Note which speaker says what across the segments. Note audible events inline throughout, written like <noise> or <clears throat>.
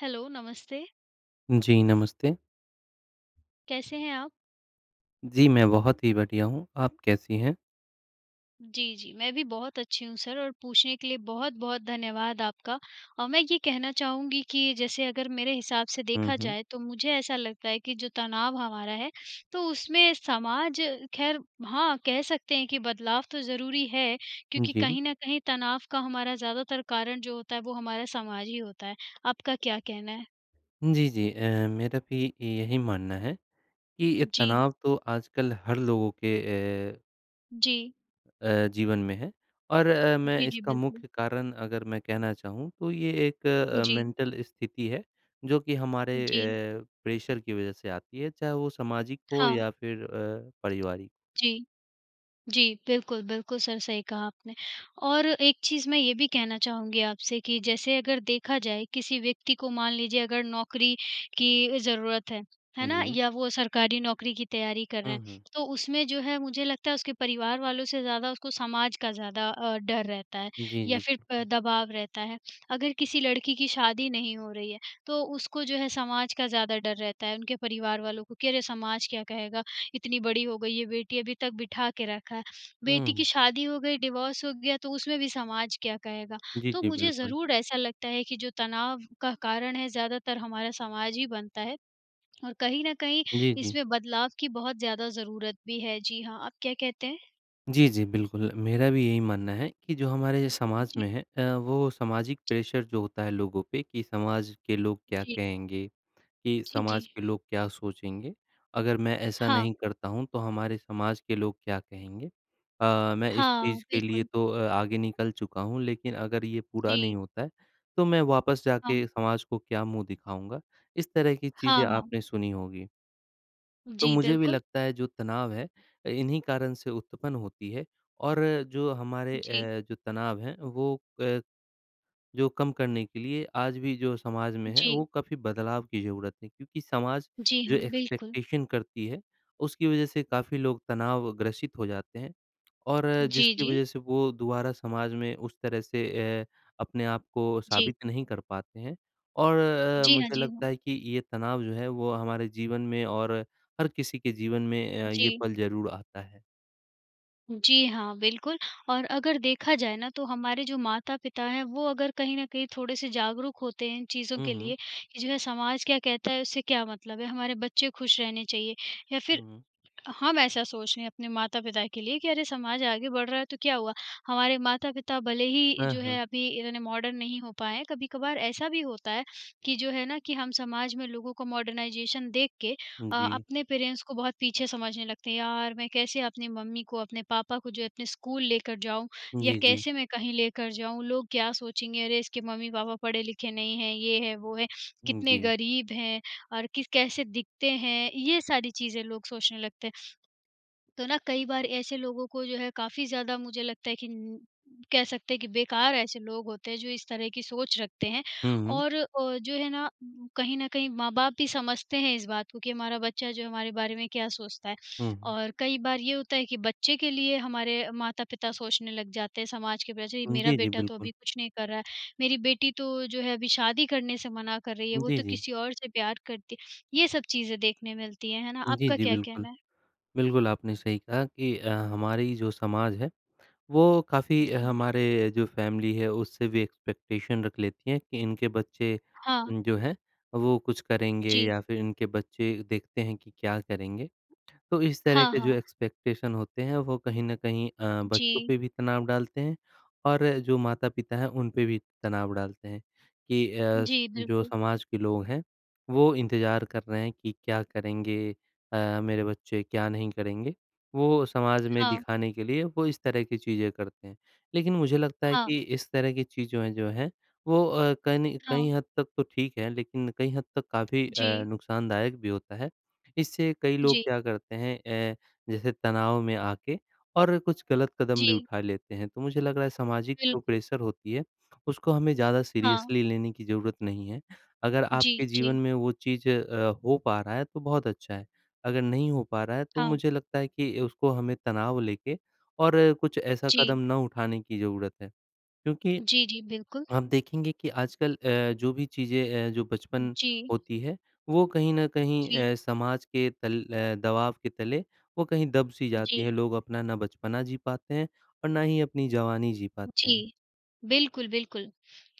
Speaker 1: Hello, नमस्ते।
Speaker 2: जी, नमस्ते।
Speaker 1: कैसे हैं आप?
Speaker 2: जी, मैं बहुत ही बढ़िया हूँ, आप कैसी हैं?
Speaker 1: जी, जी। मैं भी बहुत अच्छी हूँ सर और पूछने के लिए बहुत-बहुत धन्यवाद आपका। और मैं ये कहना चाहूँगी कि जैसे अगर मेरे हिसाब से
Speaker 2: हुँ,
Speaker 1: देखा
Speaker 2: हुँ।
Speaker 1: जाए, तो मुझे ऐसा लगता है कि जो तनाव हमारा है, तो उसमें समाज ख़ैर हाँ, कह सकते हैं कि बदलाव तो ज़रूरी है
Speaker 2: हुँ,
Speaker 1: क्योंकि,
Speaker 2: जी।
Speaker 1: कहीं न कहीं तनाव का हमारा ज़्यादातर कारण जो होता है वो हमारा समाज ही होता है। आपका क्या कहना है?
Speaker 2: जी, जी अ, मेरा भी यही मानना है, कि ये
Speaker 1: जी।
Speaker 2: तनाव तो आजकल हर लोगों के ए
Speaker 1: जी।
Speaker 2: अ, जीवन में है। और अ, मैं
Speaker 1: जी, जी,
Speaker 2: इसका
Speaker 1: बिल्कुल।
Speaker 2: मुख्य कारण अगर मैं कहना चाहूँ, तो ये एक अ
Speaker 1: जी।
Speaker 2: मेंटल स्थिति है, जो कि हमारे
Speaker 1: उ, जी।
Speaker 2: अ, प्रेशर की वजह से आती है, चाहे वो सामाजिक हो
Speaker 1: हाँ।
Speaker 2: या फिर अ, पारिवारिक।
Speaker 1: जी। जी, बिल्कुल, बिल्कुल, सर सही कहा आपने। और एक चीज़ मैं ये भी कहना चाहूँगी आपसे कि जैसे अगर देखा जाए किसी व्यक्ति को मान लीजिए अगर नौकरी की ज़रूरत है, है
Speaker 2: हुँ,
Speaker 1: ना?
Speaker 2: जी।
Speaker 1: या वो सरकारी नौकरी की तैयारी कर रहे
Speaker 2: हुँ,
Speaker 1: हैं,
Speaker 2: हुँ।
Speaker 1: तो उसमें जो है मुझे लगता है उसके परिवार वालों से ज़्यादा उसको समाज का ज़्यादा अ, डर रहता है
Speaker 2: जी,
Speaker 1: या
Speaker 2: जी।
Speaker 1: फिर
Speaker 2: हुँ,
Speaker 1: प
Speaker 2: हुँ।
Speaker 1: दबाव रहता है। अगर किसी लड़की की शादी नहीं हो रही है, तो उसको जो है समाज का ज़्यादा डर रहता है, उनके परिवार वालों को, कि अरे! समाज क्या कहेगा? इतनी बड़ी हो गई है बेटी अभी तक बिठा के रखा है, बेटी की
Speaker 2: हुँ।
Speaker 1: शादी हो गई, डिवोर्स हो गया, तो उसमें भी समाज क्या कहेगा।
Speaker 2: जी,
Speaker 1: तो
Speaker 2: जी,
Speaker 1: मुझे
Speaker 2: बिल्कुल।
Speaker 1: ज़रूर ऐसा लगता है कि जो तनाव का कारण है ज़्यादातर हमारा समाज ही बनता है, और कहीं न कहीं
Speaker 2: जी, जी।
Speaker 1: इसमें बदलाव की बहुत ज़्यादा ज़रूरत भी है, जी हाँ, आप क्या कहते हैं?
Speaker 2: जी, जी, बिल्कुल मेरा भी यही मानना है कि जो हमारे
Speaker 1: उ,
Speaker 2: समाज
Speaker 1: जी।
Speaker 2: में है अ, वो सामाजिक
Speaker 1: जी।
Speaker 2: प्रेशर जो होता है लोगों पे, कि समाज के लोग क्या
Speaker 1: जी।
Speaker 2: कहेंगे? कि
Speaker 1: जी, जी।
Speaker 2: समाज के लोग क्या सोचेंगे, अगर मैं ऐसा
Speaker 1: हाँ।
Speaker 2: नहीं करता हूँ तो हमारे समाज के लोग क्या कहेंगे? अ, मैं इस
Speaker 1: हाँ,
Speaker 2: चीज़ के लिए
Speaker 1: बिल्कुल।
Speaker 2: तो अ, आगे निकल चुका हूँ लेकिन अगर ये पूरा
Speaker 1: जी।
Speaker 2: नहीं होता है, तो मैं वापस
Speaker 1: हाँ।
Speaker 2: जाके समाज को क्या मुँह दिखाऊँगा? इस तरह की
Speaker 1: हाँ,
Speaker 2: चीज़ें
Speaker 1: हाँ।
Speaker 2: आपने सुनी होंगी। तो
Speaker 1: जी,
Speaker 2: मुझे भी
Speaker 1: बिल्कुल।
Speaker 2: लगता है जो तनाव है अ, इन्ही कारण से उत्पन्न होती है, और जो हमारे
Speaker 1: जी।
Speaker 2: अ, जो तनाव है वो अ, जो कम करने के लिए आज भी जो समाज में है, वो
Speaker 1: जी।
Speaker 2: काफ़ी बदलाव की ज़रूरत है, क्योंकि समाज
Speaker 1: जी
Speaker 2: जो
Speaker 1: हाँ, बिल्कुल।
Speaker 2: एक्सपेक्टेशन करती है, उसकी वज़ह से काफ़ी लोग तनाव ग्रसित हो जाते हैं। और
Speaker 1: जी,
Speaker 2: जिसकी
Speaker 1: जी।
Speaker 2: वज़ह से वो दोबारा समाज में उस तरह से अ, अपने आप को
Speaker 1: जी।
Speaker 2: साबित नहीं कर पाते हैं। और अ,
Speaker 1: जी हाँ,
Speaker 2: मुझे
Speaker 1: जी हाँ।
Speaker 2: लगता है कि ये तनाव जो है वो हमारे जीवन में और हर किसी के जीवन में अ, ये
Speaker 1: जी।
Speaker 2: पल ज़रूर आता है।
Speaker 1: जी हाँ, बिल्कुल और अगर देखा जाए ना तो हमारे जो माता-पिता हैं वो अगर कहीं न कहीं थोड़े से जागरूक होते हैं इन चीज़ों
Speaker 2: हुँ,
Speaker 1: के
Speaker 2: हुँ।
Speaker 1: लिए, कि जो है समाज क्या कहता है उससे क्या मतलब है? हमारे बच्चे खुश रहने चाहिए या फिर,
Speaker 2: हुँ।
Speaker 1: हम ऐसा सोच रहे हैं अपने माता-पिता के लिए कि अरे! समाज आगे बढ़ रहा है, तो क्या हुआ? हमारे माता-पिता भले ही
Speaker 2: हाँ,
Speaker 1: जो
Speaker 2: हाँ।
Speaker 1: है अभी इतने मॉडर्न नहीं हो पाए हैं कभी-कभार ऐसा भी होता है, कि जो है ना कि हम समाज में लोगों को मॉडर्नाइजेशन देख के
Speaker 2: उ,
Speaker 1: अ,
Speaker 2: जी।
Speaker 1: अपने पेरेंट्स को बहुत पीछे समझने लगते हैं। यार, मैं कैसे अपनी मम्मी को, अपने पापा को जो है अपने स्कूल लेकर जाऊँ या
Speaker 2: जी, जी।
Speaker 1: कैसे मैं कहीं लेकर जाऊँ? लोग क्या सोचेंगे अरे इसके मम्मी-पापा पढ़े-लिखे नहीं हैं, ये है, वो है,
Speaker 2: उ,
Speaker 1: कितने
Speaker 2: जी।
Speaker 1: गरीब हैं और किस कैसे दिखते हैं? ये सारी चीज़ें लोग सोचने लगते हैं। तो ना कई बार ऐसे लोगों को जो है काफ़ी ज़्यादा मुझे लगता है कि न कह सकते हैं कि बेकार ऐसे लोग होते हैं जो इस तरह की सोच रखते हैं
Speaker 2: हुँ, हुँ।
Speaker 1: और अ, जो है ना कहीं न कहीं माँ-बाप भी समझते हैं इस बात को कि हमारा बच्चा जो है हमारे बारे में क्या सोचता है।
Speaker 2: हुँ, हुँ।
Speaker 1: और कई बार ये होता है कि बच्चे के लिए हमारे माता-पिता सोचने लग जाते हैं, समाज के पीछे
Speaker 2: उ,
Speaker 1: मेरा
Speaker 2: जी, जी,
Speaker 1: बेटा तो
Speaker 2: बिल्कुल।
Speaker 1: अभी कुछ नहीं कर रहा है, मेरी बेटी तो जो है अभी शादी करने से मना कर रही है, वो
Speaker 2: जी,
Speaker 1: तो
Speaker 2: जी।
Speaker 1: किसी और से प्यार करती है, ये सब चीज़ें देखने मिलती हैं, है ना?
Speaker 2: जी,
Speaker 1: आपका
Speaker 2: जी,
Speaker 1: क्या
Speaker 2: बिल्कुल।
Speaker 1: कहना है?
Speaker 2: बिल्कुल आपने सही कहा कि अ, हमारी जो समाज है, वो काफ़ी
Speaker 1: जी।
Speaker 2: हमारे जो फैमिली है उससे भी एक्सपेक्टेशन रख लेती हैं कि इनके बच्चे,
Speaker 1: हाँ।
Speaker 2: जो हैं वो कुछ करेंगे
Speaker 1: जी।
Speaker 2: या फिर इनके बच्चे देखते हैं कि क्या करेंगे। तो इस तरह
Speaker 1: हाँ,
Speaker 2: के जो
Speaker 1: हाँ।
Speaker 2: एक्सपेक्टेशन होते हैं वो कहीं न कहीं अ, बच्चों
Speaker 1: जी।
Speaker 2: पे भी तनाव डालते हैं और जो माता पिता हैं, उन पे भी तनाव डालते हैं, कि अ, स
Speaker 1: जी,
Speaker 2: जो
Speaker 1: बिल्कुल।
Speaker 2: समाज के लोग हैं, वो इंतज़ार कर रहे हैं कि क्या करेंगे अ, मेरे बच्चे, क्या नहीं करेंगे, वो समाज में
Speaker 1: हाँ।
Speaker 2: दिखाने के लिए वो इस तरह की चीज़ें करते हैं। लेकिन मुझे लगता है
Speaker 1: हाँ।
Speaker 2: कि इस तरह की चीजों ए जो हैं वो अ, कनि कई
Speaker 1: हाँ।
Speaker 2: हद तक तो ठीक है लेकिन कई हद तक काफ़ी अ,
Speaker 1: जी।
Speaker 2: नुक़सानदायक भी होता है। इससे कई लोग
Speaker 1: जी।
Speaker 2: क्या करते हैं ए जैसे तनाव में आके और कुछ गलत कदम भी
Speaker 1: जी।
Speaker 2: उठा लेते हैं, तो मुझे लग रहा है सामाजिक जो
Speaker 1: बिल्कुल।
Speaker 2: प्रेशर होती है, उसको हमें ज़्यादा
Speaker 1: हाँ।
Speaker 2: सीरियसली लेने की ज़रूरत नहीं है। अगर
Speaker 1: जी,
Speaker 2: आपके जीवन
Speaker 1: जी।
Speaker 2: में वो चीज़ अ, हो पा रहा है तो बहुत अच्छा है, अगर नहीं हो पा रहा है तो
Speaker 1: हाँ।
Speaker 2: मुझे लगता है कि उसको हमें तनाव लेके और कुछ ऐसा कदम
Speaker 1: जी।
Speaker 2: न उठाने की ज़रूरत है। क्योंकि
Speaker 1: जी, जी, बिल्कुल।
Speaker 2: आप देखेंगे कि आजकल अ, जो भी चीज़ें अ, जो बचपन
Speaker 1: जी।
Speaker 2: होती है, वो कहीं न कहीं
Speaker 1: जी।
Speaker 2: अ, समाज के तल अ, दबाव के तले वो कहीं दब सी जाती
Speaker 1: जी।
Speaker 2: है, लोग अपना ना बचपना जी पाते हैं और ना ही अपनी जवानी जी पाते हैं।
Speaker 1: जी, बिल्कुल, बिल्कुल।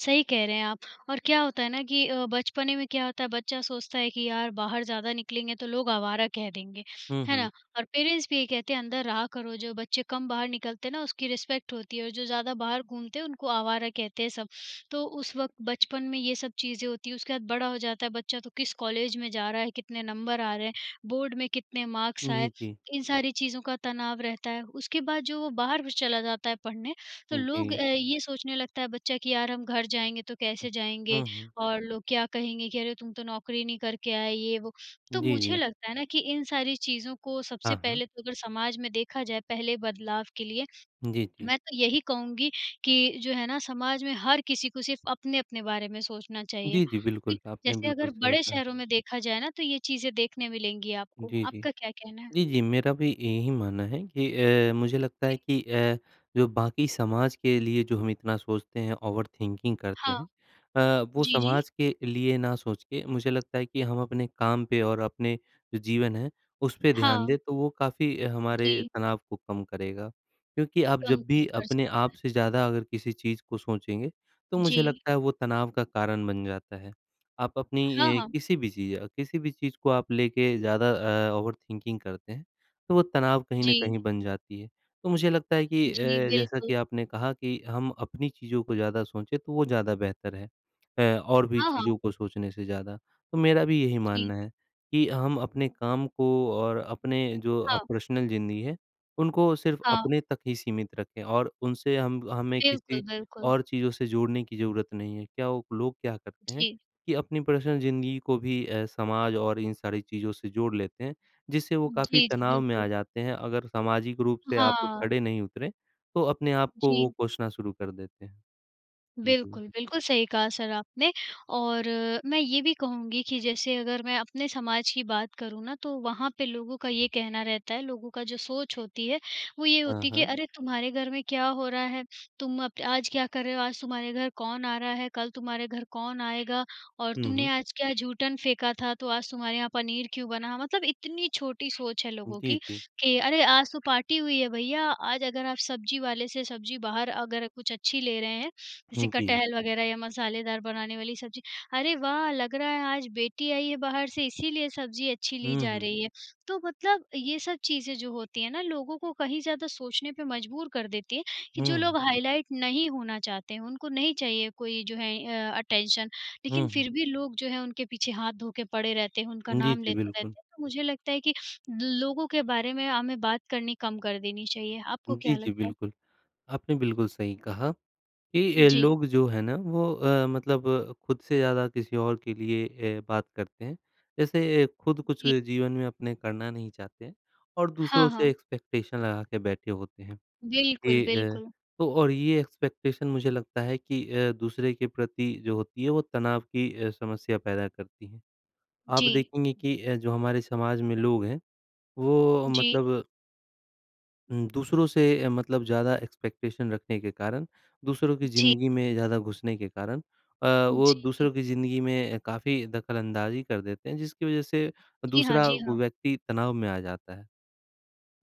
Speaker 1: सही कह रहे हैं आप और क्या होता है ना कि अ, बचपने में क्या होता है बच्चा सोचता है कि यार बाहर ज़्यादा निकलेंगे तो लोग आवारा कह देंगे,
Speaker 2: हुँ,
Speaker 1: है
Speaker 2: हुँ।
Speaker 1: ना? और पेरेंट्स भी यही कहते हैं अंदर रहा करो, जो बच्चे कम बाहर निकलते हैं ना उसकी रिस्पेक्ट होती है और जो ज़्यादा बाहर घूमते हैं, उनको आवारा कहते हैं सब। तो उस वक़्त बचपन में ये सब चीज़ें होती है, उसके बाद बड़ा हो जाता है बच्चा तो किस कॉलेज में जा रहा है, कितने नंबर आ रहे हैं, बोर्ड में कितने मार्क्स
Speaker 2: जी,
Speaker 1: आए?
Speaker 2: जी।
Speaker 1: इन सारी चीज़ों का तनाव रहता है। उसके बाद जो वो बाहर भी चला जाता है पढ़ने, तो
Speaker 2: हुँ,
Speaker 1: लोग
Speaker 2: जी।
Speaker 1: अ, ये सोचने लगता है बच्चा कि यार हम घर जाएँगे तो कैसे जाएँगे
Speaker 2: हुँ, हुँ।
Speaker 1: और लोग क्या कहेंगे, कि अरे! तुम तो नौकरी नहीं करके आए ये वो। तो
Speaker 2: जी,
Speaker 1: मुझे
Speaker 2: जी।
Speaker 1: लगता है ना कि इन सारी चीज़ों को सबसे
Speaker 2: हाँ, हाँ।
Speaker 1: पहले तो अगर समाज में देखा जाए पहले बदलाव के लिए,
Speaker 2: जी, जी।
Speaker 1: मैं तो यही कहूँगी कि जो है ना समाज में हर किसी को सिर्फ़ अपने-अपने बारे में सोचना चाहिए।
Speaker 2: जी, जी, बिल्कुल। आपने
Speaker 1: जैसे
Speaker 2: बिल्कुल
Speaker 1: अगर
Speaker 2: सही
Speaker 1: बड़े
Speaker 2: कहा।
Speaker 1: शहरों में देखा जाए ना, तो ये चीज़ें देखने मिलेंगी आपको,
Speaker 2: जी, जी।
Speaker 1: आपका क्या कहना है?
Speaker 2: जी, जी, मेरा भी यही मानना है कि अ, मुझे लगता
Speaker 1: जी।
Speaker 2: है कि अ, जो बाकी समाज के लिए जो हम इतना सोचते हैं, ओवरथिंकिंग करते
Speaker 1: हाँ।
Speaker 2: हैं अ, वो
Speaker 1: जी, जी।
Speaker 2: समाज के लिए ना सोच के मुझे लगता है कि हम अपने काम पे और अपने जो जीवन है, उस पे ध्यान दें,
Speaker 1: हाँ।
Speaker 2: तो वो काफ़ी हमारे
Speaker 1: जी।
Speaker 2: तनाव को कम करेगा। क्योंकि आप
Speaker 1: कम
Speaker 2: जब
Speaker 1: क
Speaker 2: भी
Speaker 1: कर
Speaker 2: अपने
Speaker 1: सकता
Speaker 2: आप
Speaker 1: है।
Speaker 2: से ज़्यादा अगर किसी चीज़ को सोचेंगे, तो मुझे
Speaker 1: जी।
Speaker 2: लगता है वो तनाव का कारण बन जाता है। आप
Speaker 1: हाँ,
Speaker 2: अपनी अ,
Speaker 1: हाँ।
Speaker 2: किसी भी चीज़ किसी भी चीज़ को आप लेके ज़्यादा अ, ओवरथिंकिंग करते हैं, तो वो तनाव कहीं न
Speaker 1: जी।
Speaker 2: कहीं बन जाती है। तो मुझे लगता है कि अ,
Speaker 1: जी,
Speaker 2: जैसा
Speaker 1: बिल्कुल।
Speaker 2: कि आपने कहा कि हम अपनी चीज़ों को ज़्यादा सोचे, तो वो ज़्यादा बेहतर है, ए और भी
Speaker 1: हाँ,
Speaker 2: चीज़ों
Speaker 1: हाँ।
Speaker 2: को सोचने से ज़्यादा। तो मेरा भी यही
Speaker 1: जी।
Speaker 2: मानना है, कि हम अपने काम को और अपने जो अ,
Speaker 1: हाँ।
Speaker 2: पर्सनल ज़िंदगी है, उनको सिर्फ़
Speaker 1: हाँ।
Speaker 2: अपने तक ही सीमित रखें और उनसे हम हमें किसी
Speaker 1: बिल्कुल, बिल्कुल।
Speaker 2: और चीज़ों से जोड़ने की ज़रूरत नहीं है। क्या वो लोग क्या करते हैं
Speaker 1: जी।
Speaker 2: कि अपनी पर्सनल ज़िंदगी को भी अ, समाज और इन सारी चीज़ों से जोड़ लेते हैं, जिससे वो काफ़ी
Speaker 1: जी, जी,
Speaker 2: तनाव में
Speaker 1: बिल्कुल।
Speaker 2: आ जाते हैं, अगर सामाजिक रूप से आप
Speaker 1: हाँ।
Speaker 2: खड़े नहीं उतरे, तो अपने आप को वो
Speaker 1: जी।
Speaker 2: कोसना शुरू कर देते हैं। जी।
Speaker 1: बिल्कुल, बिल्कुल, सही कहा सर आपने और मैं ये भी कहूँगी कि जैसे अगर मैं अपने समाज की बात करूँ ना, तो वहाँ पे लोगों का ये कहना रहता है, लोगों का जो सोच होती है वो ये
Speaker 2: हाँ,
Speaker 1: होती है, कि
Speaker 2: हाँ।
Speaker 1: अरे, तुम्हारे घर में क्या हो रहा है? तुम अप आज क्या कर रहे हो, आज तुम्हारे घर कौन आ रहा है, कल तुम्हारे घर कौन आएगा? और
Speaker 2: हुँ,
Speaker 1: तुमने
Speaker 2: हुँ।
Speaker 1: आज क्या जूठन फेंका था, तो आज तुम्हारे यहाँ पनीर क्यों बना? मतलब इतनी छोटी सोच है
Speaker 2: उ,
Speaker 1: लोगों
Speaker 2: जी,
Speaker 1: की,
Speaker 2: जी।
Speaker 1: कि अरे, आज तो पार्टी हुई है भईया आज अगर आप सब्जी वाले से सब्जी बाहर अगर कुछ अच्छी ले रहे हैं, जैसे
Speaker 2: हुँ जी।
Speaker 1: कटहल
Speaker 2: जी।
Speaker 1: वग़ैरह या मसालेदार बनाने वाली सब्ज़ी, अरे वाह! लग रहा है आज बेटी आई है बाहर से इसलिए सब्ज़ी अच्छी ली
Speaker 2: हुँ,
Speaker 1: जा
Speaker 2: हुँ।
Speaker 1: रही है। तो मतलब ये सब चीज़ें जो होती है ना लोगों को कहीं ज़्यादा सोचने पे मजबूर कर देती है, कि जो
Speaker 2: हुँ।
Speaker 1: लोग हाइलाइट नहीं होना चाहते हैं, उनको नहीं चाहिए कोई जो है अ, अटेंशन,
Speaker 2: हुँ,
Speaker 1: लेकिन
Speaker 2: हुँ।
Speaker 1: फिर भी लोग जो हैं उनके पीछे हाथ धो के पड़े रहते हैं, उनका
Speaker 2: जी,
Speaker 1: नाम
Speaker 2: जी,
Speaker 1: लेते
Speaker 2: बिल्कुल।
Speaker 1: रहते हैं। तो मुझे लगता है कि लो लोगों के बारे में हमें बात करनी कम कर देनी चाहिए।
Speaker 2: उ,
Speaker 1: आपको
Speaker 2: जी,
Speaker 1: क्या
Speaker 2: जी,
Speaker 1: लगता है?
Speaker 2: बिल्कुल। आपने बिल्कुल सही कहा, कि अ,
Speaker 1: जी।
Speaker 2: लोग जो है ना वो अ, मतलब अ, खुद से ज़्यादा किसी और के लिए ए बात करते हैं, जैसे खुद कुछ
Speaker 1: जी।
Speaker 2: जीवन में अपने करना नहीं चाहते हैं, और
Speaker 1: हाँ,
Speaker 2: दूसरों से
Speaker 1: हाँ।
Speaker 2: एक्सपेक्टेशन लगा के बैठे होते हैं।
Speaker 1: बिल्कुल,
Speaker 2: ये अ,
Speaker 1: बिल्कुल।
Speaker 2: तो और ये एक्सपेक्टेशन मुझे लगता है कि अ, दूसरे के प्रति जो होती है वो तनाव की अ, समस्या पैदा करती है। आप
Speaker 1: जी।
Speaker 2: देखेंगे कि अ, जो हमारे समाज में लोग हैं, वो अ,
Speaker 1: जी।
Speaker 2: मतलब हुँ, दूसरों से अ, मतलब ज़्यादा एक्सपेक्टेशन रखने के कारण, दूसरों की
Speaker 1: जी।
Speaker 2: ज़िंदगी में ज़्यादा घुसने के कारण अ, वो
Speaker 1: जी,
Speaker 2: दूसरों
Speaker 1: जी।
Speaker 2: की ज़िंदगी में काफ़ी दख़लअंदाज़ी कर देते हैं जिसकी वजह से
Speaker 1: जी हाँ,
Speaker 2: दूसरा
Speaker 1: जी
Speaker 2: व
Speaker 1: हाँ।
Speaker 2: व्यक्ति तनाव में आ जाता है।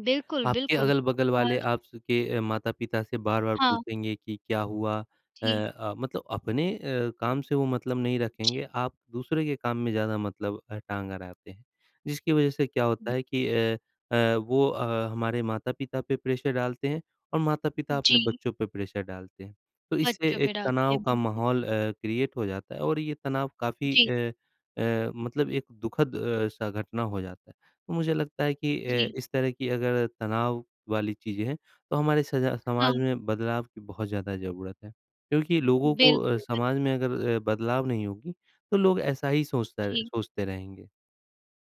Speaker 1: बिल्कुल,
Speaker 2: आपके
Speaker 1: बिल्कुल।
Speaker 2: अगल-बगल वाले
Speaker 1: और
Speaker 2: आप स के ए माता-पिता से बार-बार
Speaker 1: हाँ।
Speaker 2: पूछेंगे कि क्या हुआ। अ
Speaker 1: जी।
Speaker 2: अ, मतलब अपने अ, काम से वो मतलब नहीं
Speaker 1: जी।
Speaker 2: रखेंगे, आप दूसरे के काम में ज़्यादा मतलब अ, टांग अड़ाते हैं। जिसकी वजह से क्या होता
Speaker 1: बि
Speaker 2: है कि अ अ, वो अ, हमारे माता-पिता पे प्रेशर डालते हैं और माता-पिता अपने
Speaker 1: जी।
Speaker 2: बच्चों पे प्रेशर डालते हैं। तो इससे
Speaker 1: बच्चों
Speaker 2: एक
Speaker 1: पे डालते है।
Speaker 2: तनाव का
Speaker 1: बिल्कुल।
Speaker 2: माहौल अ, क्रिएट हो जाता है और ये तनाव काफ़ी
Speaker 1: जी।
Speaker 2: अ अ, मतलब एक दुखद अ, सा घटना हो जाता है। मुझे लगता है कि अ,
Speaker 1: जी।
Speaker 2: इस तरह की अगर तनाव वाली चीज़ें हैं तो हमारे सजा समाज
Speaker 1: हाँ।
Speaker 2: में बदलाव की बहुत ज़्यादा ज़रूरत है। क्योंकि लोगों को अ,
Speaker 1: बिल्कुल,
Speaker 2: समाज
Speaker 1: बिल्कुल।
Speaker 2: में अगर अ, बदलाव नहीं होगी तो लोग ऐसा ही सोचता
Speaker 1: जी।
Speaker 2: सोचते रहेंगे।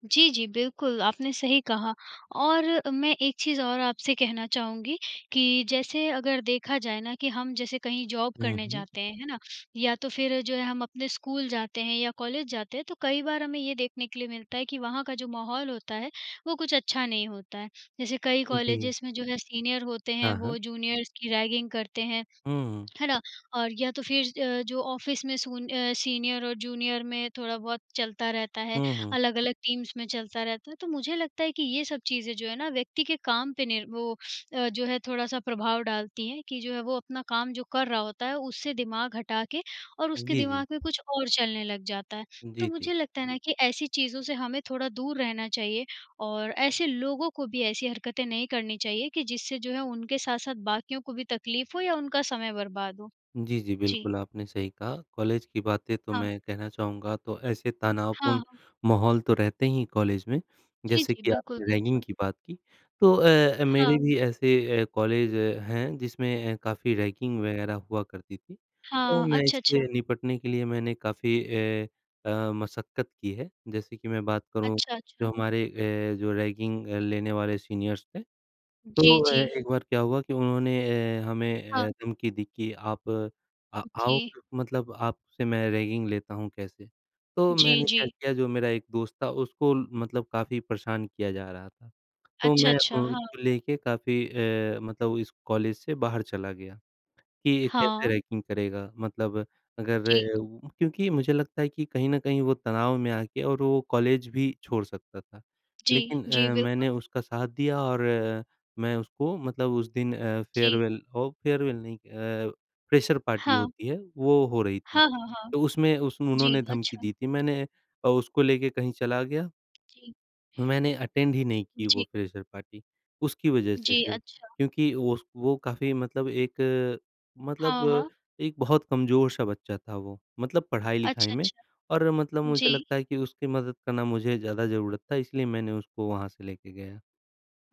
Speaker 1: जी, जी, बिल्कुल आपने सही कहा। और मैं एक चीज़ और अ, आपसे कहना चाहूँगी कि जैसे अगर देखा जाए ना कि हम जैसे कहीं जॉब
Speaker 2: हुँ,
Speaker 1: करने
Speaker 2: हुँ।
Speaker 1: जाते हैं, है ना। या तो फिर जो है हम अपने स्कूल जाते हैं या कॉलेज जाते हैं, तो कई बार हमें ये देखने के लिए मिलता है कि वहाँ का जो माहौल होता है वो कुछ अच्छा नहीं होता है। जैसे कई
Speaker 2: जी।
Speaker 1: कॉलेजेस में जो है सीनियर होते हैं
Speaker 2: हाँ, हाँ।
Speaker 1: वो जूनियर्स की रैगिंग करते हैं,
Speaker 2: हुँ, हुँ।
Speaker 1: है ना। और या तो फिर अ, जो ऑफिस में सुन अ, सीनियर और जूनियर में थोड़ा बहुत चलता रहता है,
Speaker 2: हुँ, हुँ।
Speaker 1: अलग-अलग टीम्स में चलता रहता है। तो मुझे लगता है कि ये सब चीज़ें जो हैं ना व्यक्ति के काम पे नीर वो अ, जो है थोड़ा-सा प्रभाव डालती हैं, कि जो है वो अपना काम जो कर रहा होता है उससे दिमाग हटा के और उसके
Speaker 2: जी, जी।
Speaker 1: दिमाग में कुछ और चलने लग जाता है। तो
Speaker 2: जी, जी।
Speaker 1: मुझे लगता है ना कि ऐसी चीज़ों से हमें थोड़ा दूर रहना चाहिए। और ऐसे लोगों को भी ऐसी हरकतें नहीं करनी चाहिए कि जिससे जो है उनके साथ-साथ बाकियों को भी तकलीफ़ हो या उनका समय बर्बाद हो।
Speaker 2: जी, जी,
Speaker 1: जी।
Speaker 2: बिल्कुल आपने सही कहा। कॉलेज की बातें तो
Speaker 1: हाँ।
Speaker 2: मैं कहना चाहूँगा तो ऐसे
Speaker 1: हाँ,
Speaker 2: तनावपूर्ण
Speaker 1: हाँ।
Speaker 2: माहौल तो रहते ही हैं कॉलेज में,
Speaker 1: जी,
Speaker 2: जैसे
Speaker 1: जी।
Speaker 2: कि
Speaker 1: बिल्कुल,
Speaker 2: आपने रैगिंग
Speaker 1: बिल्कुल।
Speaker 2: की बात की। तो अ अ, मेरे
Speaker 1: हाँ।
Speaker 2: भी ऐसे अ, कॉलेज हैं जिसमें ए काफ़ी रैगिंग वगैरह हुआ करती थी। तो
Speaker 1: हाँ,
Speaker 2: मैं
Speaker 1: अच्छा, अच्छा।
Speaker 2: इससे निपटने के लिए मैंने काफ़ी ए, अ, मशक्कत की है। जैसे कि मैं बात करूँ
Speaker 1: अच्छा,
Speaker 2: जो
Speaker 1: अच्छा।
Speaker 2: हमारे अ, जो रैगिंग अ, लेने वाले सीनियर्स थे।
Speaker 1: जी,
Speaker 2: तो अ,
Speaker 1: जी।
Speaker 2: एक बार क्या हुआ कि उन्होंने ए, हमें
Speaker 1: हाँ।
Speaker 2: ए, धमकी दी कि आप आ आओ
Speaker 1: जी।
Speaker 2: मतलब आपसे मैं रैगिंग लेता हूँ कैसे। तो
Speaker 1: जी,
Speaker 2: मैंने क्या
Speaker 1: जी।
Speaker 2: किया जो मेरा एक दोस्त था उसको मतलब काफ़ी परेशान किया जा रहा था। तो
Speaker 1: अच्छा,
Speaker 2: मैं अ,
Speaker 1: अच्छा, हाँ।
Speaker 2: उसको लेके काफ़ी अ, मतलब इस कॉलेज से बाहर चला गया कि ये कैसे
Speaker 1: हाँ।
Speaker 2: रैगिंग करेगा। मतलब
Speaker 1: जी।
Speaker 2: अगर उ क्योंकि मुझे लगता है कि कहीं न कहीं वो तनाव में आके और वो कॉलेज भी छोड़ सकता था।
Speaker 1: जी,
Speaker 2: लेकिन
Speaker 1: जी
Speaker 2: अ,
Speaker 1: बिल्कुल।
Speaker 2: मैंने उसका साथ दिया और मैं उसको मतलब उस दिन अ,
Speaker 1: जी।
Speaker 2: फेयरवेल हो फेयरवेल नहीं अ, फ्रेशर पार्टी
Speaker 1: हाँ।
Speaker 2: होती है वो हो रही थी।
Speaker 1: हाँ, हाँ, हाँ।
Speaker 2: तो उसमें उस उन्होंने
Speaker 1: जी,
Speaker 2: धमकी
Speaker 1: अच्छा।
Speaker 2: दी थी। मैंने अ, उसको लेके कहीं चला गया
Speaker 1: जी।
Speaker 2: मैंने अटेंड ही नहीं की वो
Speaker 1: जी।
Speaker 2: फ्रेशर पार्टी, उसकी वजह से
Speaker 1: जी,
Speaker 2: सिर्फ।
Speaker 1: अच्छा।
Speaker 2: क्योंकि उस वो काफ़ी मतलब एक अ, मतलब
Speaker 1: हाँ,
Speaker 2: अ,
Speaker 1: हाँ।
Speaker 2: एक बहुत कमज़ोर-सा बच्चा था वो, मतलब पढ़ाई-लिखाई
Speaker 1: अच्छा,
Speaker 2: में।
Speaker 1: अच्छा।
Speaker 2: और मतलब मुझे
Speaker 1: जी।
Speaker 2: लगता है कि उसकी मदद करना मुझे ज़्यादा ज़रूरत था इसलिए मैंने उसको वहाँ से लेके गया।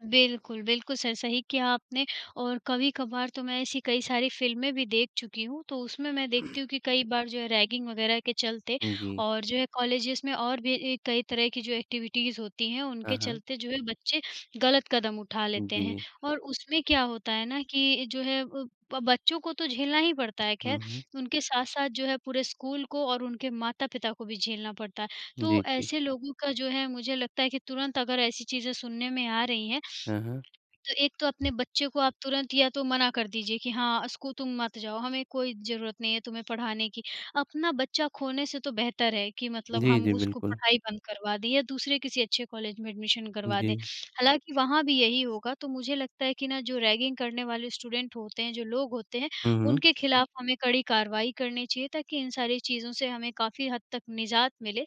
Speaker 1: बिल्कुल, बिल्कुल सर सही किया आपने। और कभी-कभार तो मैं ऐसी कई सारी फिल्में भी देख चुकी हूँ, तो उसमें मैं देखती
Speaker 2: <clears throat>
Speaker 1: हूँ कि कई बार जो है रैगिंग वगैरह के चलते
Speaker 2: उम, जी।
Speaker 1: और जो है कॉलेजेस में और भी ई कई तरह की जो एक्टिविटीज़ होती हैं
Speaker 2: हाँ,
Speaker 1: उनके
Speaker 2: हाँ।
Speaker 1: चलते जो है बच्चे ग़लत कदम उठा लेते हैं।
Speaker 2: जी।
Speaker 1: और उसमें क्या होता है ना कि जो है अ, ब बच्चों को तो झेलना ही पड़ता है खैर,
Speaker 2: हुँ, हुँ।
Speaker 1: उनके साथ-साथ जो है पूरे स्कूल को और उनके माता-पिता को भी झेलना पड़ता है।
Speaker 2: जी,
Speaker 1: तो
Speaker 2: जी।
Speaker 1: ऐसे लोगों का जो है मुझे लगता है कि तुरंत अगर ऐसी चीज़ें सुनने में आ रही हैं,
Speaker 2: हाँ, हाँ।
Speaker 1: <sniffs> तो एक तो अपने बच्चे को आप तुरंत या तो मना कर दीजिए कि हाँ, अ, स्कू तुम मत जाओ हमें कोई ज़रूरत नहीं है तुम्हें पढ़ाने की। अपना बच्चा खोने से तो बेहतर है कि मतलब
Speaker 2: जी,
Speaker 1: हम
Speaker 2: जी,
Speaker 1: उसको
Speaker 2: बिल्कुल।
Speaker 1: पढ़ाई बंद करवा दें या दूसरे किसी अच्छे कॉलेज में एडमिशन करवा दें।
Speaker 2: जी।
Speaker 1: हालाँकि वहाँ भी यही होगा। तो मुझे लगता है कि ना जो रैगिंग करने वाले स्टूडेंट होते हैं, जो लोग होते हैं
Speaker 2: हुँ, हुँ।
Speaker 1: उनके ख़िलाफ़ हमें कड़ी कार्रवाई करनी चाहिए ताकि इन सारी चीज़ों से हमें काफ़ी हद तक निजात मिले।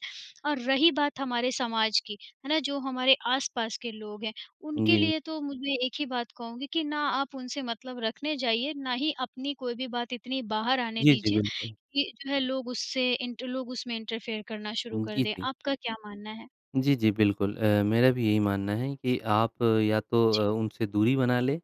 Speaker 1: और रही बात हमारे समाज की, है ना, जो हमारे आस-पास के लोग हैं, उनके
Speaker 2: जी।
Speaker 1: लिए तो मुझे एक ही बात कहूँगी कि ना आप उनसे मतलब रखने जाइए ना ही अपनी कोई भी बात इतनी बाहर आने
Speaker 2: जी, जी,
Speaker 1: दीजिए
Speaker 2: बिल्कुल।
Speaker 1: कि जो है लोग उससे इन्ट लोग उसमें इंटरफेयर करना शुरू
Speaker 2: उम,
Speaker 1: कर
Speaker 2: जी,
Speaker 1: दें।
Speaker 2: जी।
Speaker 1: आपका क्या मानना है?
Speaker 2: जी जी, बिल्कुल। अ, मेरा भी यही मानना है कि आप या तो
Speaker 1: जी।
Speaker 2: अ, उनसे दूरी बना लें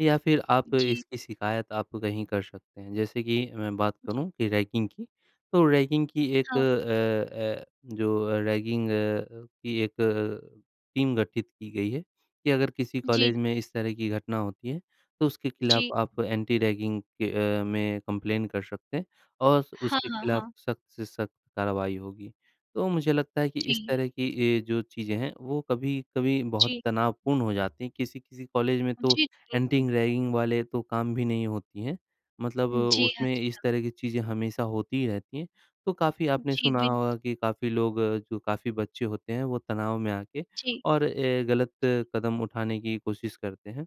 Speaker 2: या फिर आप
Speaker 1: जी।
Speaker 2: इसकी शिकायत आप कहीं कर सकते हैं। जैसे कि, मैं बात
Speaker 1: जी।
Speaker 2: करूँ कि रैगिंग की, तो रैगिंग की, एक
Speaker 1: हाँ।
Speaker 2: अ अ, जो अ, रैगिंग अ, की एक अ, टीम गठित की गई है कि, अगर किसी
Speaker 1: जी, जी।
Speaker 2: कॉलेज में इस तरह की घटना होती है तो उसके
Speaker 1: जी।
Speaker 2: ख़िलाफ़ आप एंटी-रैगिंग के अ, में कंप्लेन कर सकते हैं। और स
Speaker 1: हाँ,
Speaker 2: उसके
Speaker 1: हाँ,
Speaker 2: ख़िलाफ़
Speaker 1: हाँ।
Speaker 2: सख्त से सख्त कार्रवाई होगी। तो मुझे लगता है कि इस
Speaker 1: जी।
Speaker 2: तरह की ये जो चीज़ें हैं, वो कभी-कभी बहुत
Speaker 1: जी।
Speaker 2: तनावपूर्ण हो जाती हैं। किसी-किसी कॉलेज में तो
Speaker 1: जी, जी, बिल्कुल।
Speaker 2: एंटी-रैगिंग वाले तो काम भी नहीं होती हैं, मतलब
Speaker 1: उम, जी हाँ,
Speaker 2: उसमें
Speaker 1: जी
Speaker 2: इस
Speaker 1: हाँ।
Speaker 2: तरह की चीज़ें हमेशा होती ही रहती हैं। तो काफ़ी आपने
Speaker 1: जी,
Speaker 2: सुना
Speaker 1: बिल्कुल।
Speaker 2: होगा कि काफ़ी लोग जो काफ़ी बच्चे होते हैं वो तनाव में आके
Speaker 1: जी।
Speaker 2: और अ, ग़लत
Speaker 1: जी।
Speaker 2: कदम उठाने की कोशिश करते हैं।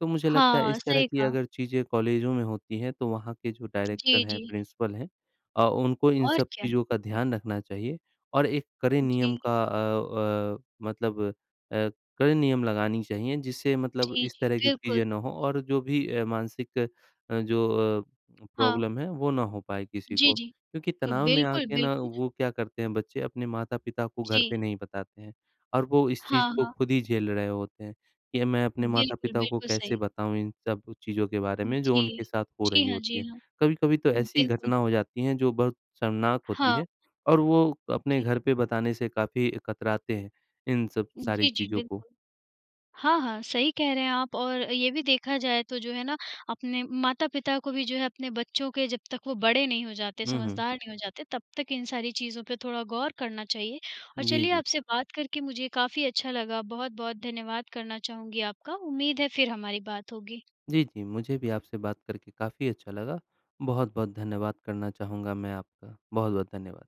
Speaker 2: तो मुझे लगता है
Speaker 1: हाँ,
Speaker 2: इस तरह
Speaker 1: सही
Speaker 2: की
Speaker 1: कहा।
Speaker 2: अगर चीज़ें कॉलेजों में होती हैं तो वहाँ के जो डायरेक्टर
Speaker 1: जी,
Speaker 2: हैं या
Speaker 1: जी।
Speaker 2: प्रिंसिपल हैं, अ, उनको इन
Speaker 1: और
Speaker 2: सब
Speaker 1: क्या।
Speaker 2: चीज़ों का ध्यान रखना चाहिए और एक कड़े नियम
Speaker 1: जी।
Speaker 2: का अ अ, मतलब अ, कड़े नियम लगानी चाहिए, जिससे मतलब
Speaker 1: जी,
Speaker 2: इस
Speaker 1: जी,
Speaker 2: तरह की
Speaker 1: बिल्कुल।
Speaker 2: चीज़ें ना हो। और जो भी अ, मानसिक जो अ,
Speaker 1: हाँ।
Speaker 2: प्रॉब्लम है वो ना हो पाए किसी
Speaker 1: जी,
Speaker 2: को।
Speaker 1: जी।
Speaker 2: क्योंकि, तनाव में
Speaker 1: बिल्कुल,
Speaker 2: आके ना
Speaker 1: बिल्कुल।
Speaker 2: वो क्या करते हैं बच्चे अपने माता-पिता को घर
Speaker 1: जी।
Speaker 2: पे नहीं बताते हैं। और वो इस चीज़
Speaker 1: हाँ,
Speaker 2: को
Speaker 1: हाँ।
Speaker 2: ख़ुद ही झेल रहे होते हैं कि मैं अपने
Speaker 1: बिल्कुल,
Speaker 2: माता-पिता को
Speaker 1: बिल्कुल
Speaker 2: कैसे
Speaker 1: सही।
Speaker 2: बताऊँ इन सब चीज़ों के बारे में जो
Speaker 1: जी।
Speaker 2: उनके साथ हो
Speaker 1: जी
Speaker 2: रही
Speaker 1: हाँ, जी
Speaker 2: होती है।
Speaker 1: हाँ।
Speaker 2: कभी-कभी तो ऐसी
Speaker 1: बिल्कुल,
Speaker 2: घटना हो
Speaker 1: बिल्कुल।
Speaker 2: जाती है जो बहुत शर्मनाक होती
Speaker 1: हाँ।
Speaker 2: है। और वो अपने
Speaker 1: जी।
Speaker 2: घर पे बताने से काफ़ी कतराते हैं इन सब सारी
Speaker 1: जी, जी,
Speaker 2: चीज़ों को।
Speaker 1: बिल्कुल। हाँ, हाँ, सही कह रहे हैं आप। और ये भी देखा जाए तो जो है ना अपने माता-पिता को भी जो है अपने बच्चों के जब तक वो बड़े नहीं हो जाते,
Speaker 2: हुँ, हुँ।
Speaker 1: समझदार नहीं हो जाते तब तक इन सारी चीज़ों पे थोड़ा गौर करना चाहिए। और
Speaker 2: जी,
Speaker 1: चलिए
Speaker 2: जी।
Speaker 1: आपसे बात करके मुझे काफ़ी अच्छा लगा। बहुत-बहुत धन्यवाद करना चाहूँगी आपका। उम्मीद है फिर हमारी बात होगी।
Speaker 2: जी, जी, मुझे भी आपसे बात करके काफ़ी अच्छा लगा। बहुत-बहुत धन्यवाद करना चाहूँगा मैं आपका। बहुत-बहुत धन्यवाद।